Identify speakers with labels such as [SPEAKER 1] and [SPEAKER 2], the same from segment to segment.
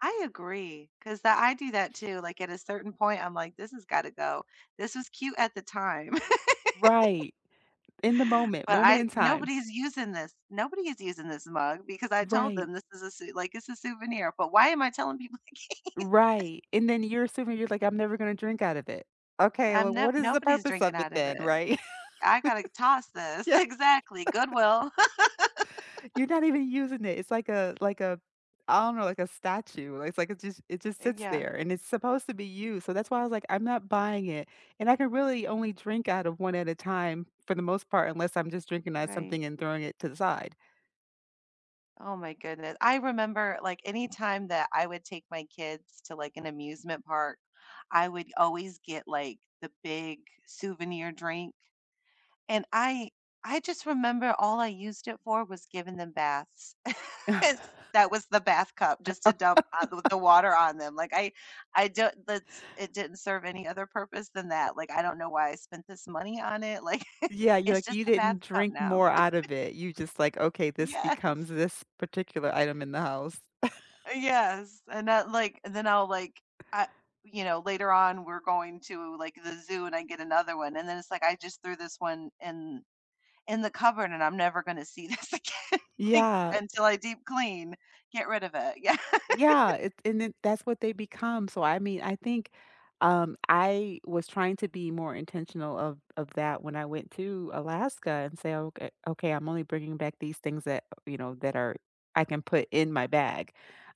[SPEAKER 1] I agree, 'cause tha I do that too, like at a certain point, I'm like, this has got to go. This is cute at the time
[SPEAKER 2] Right. In the moment,
[SPEAKER 1] but
[SPEAKER 2] moment
[SPEAKER 1] I
[SPEAKER 2] in time.
[SPEAKER 1] nobody is using this. Nobody is using this mug, because I told
[SPEAKER 2] Right.
[SPEAKER 1] them this is a sou like, it's a souvenir, but why am I telling people. [unintelligible]
[SPEAKER 2] Right, and then you're assuming you're like, I'm never gonna drink out of it. Okay,
[SPEAKER 1] Um,
[SPEAKER 2] well,
[SPEAKER 1] no
[SPEAKER 2] what is the
[SPEAKER 1] nobody's
[SPEAKER 2] purpose of
[SPEAKER 1] drinking
[SPEAKER 2] it
[SPEAKER 1] out of
[SPEAKER 2] then,
[SPEAKER 1] it.
[SPEAKER 2] right?
[SPEAKER 1] I gotta c toss this.
[SPEAKER 2] Yeah.
[SPEAKER 1] Exactly. Goodwill.
[SPEAKER 2] You're not even using it. It's like a like a I don't know, like a statue, it's like a just it just
[SPEAKER 1] Uh,
[SPEAKER 2] sits
[SPEAKER 1] yeah.
[SPEAKER 2] there, and it's supposed to be used, so that's why I was like, "I'm not buying it, and I can really only drink out of one at a time, for the most part, unless I'm just drinking out
[SPEAKER 1] Right.
[SPEAKER 2] something and throwing it to the side."
[SPEAKER 1] Oh my goodne I remember, like, anytime that I would take my kids to, like, an amusement park, I would always get, like, the big souvenir drink, and I I just remember all I used it for was giving them baths. Yes. That was the bath cup just to dump ou th the water on them, like, I I don't that's it didn't serve any other purpose than that. Like, I don't know why I spent this money on it, like,
[SPEAKER 2] Yeah, you're
[SPEAKER 1] it's
[SPEAKER 2] like,
[SPEAKER 1] just
[SPEAKER 2] "You
[SPEAKER 1] the bath
[SPEAKER 2] didn't
[SPEAKER 1] cup
[SPEAKER 2] drink
[SPEAKER 1] now.
[SPEAKER 2] more out of it." You're just like, "Okay, this becomes
[SPEAKER 1] Yes.
[SPEAKER 2] this particular item in the house."
[SPEAKER 1] Eh, yes, and that, like and then I'll, like I you know, later on, we're going to, like, the zoo and I get another one, and then it's, like, I just threw this one in in the cupboard, and I'm never gonna see this again, like,
[SPEAKER 2] Yeah.
[SPEAKER 1] until I deep clean, get rid of it, yeah.
[SPEAKER 2] Yeah, it's and then, that's what they become, so I mean, I think, um, I was trying to be more intentional of of that when I went to Alaska, and say, "Okay okay, I'm only bringing back these things that" you know, "that are I can put in my bag."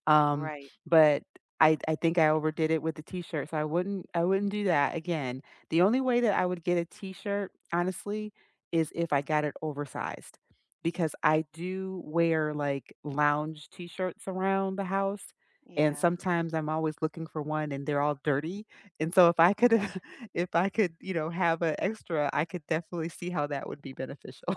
[SPEAKER 2] Um,
[SPEAKER 1] Right.
[SPEAKER 2] but I I think I overdid it with the t-shirt, so I wouldn't I wouldn't do that again. The only way that I would get a t-shirt, honestly, is if I got it oversized, because I do wear, like, lounge t-shirts around the house, and
[SPEAKER 1] Yeah.
[SPEAKER 2] sometimes, I'm always looking for one and they're all dirty, and so if I could
[SPEAKER 1] Yeah.
[SPEAKER 2] if I could, you know, have an extra, I could definitely see how that would be beneficial.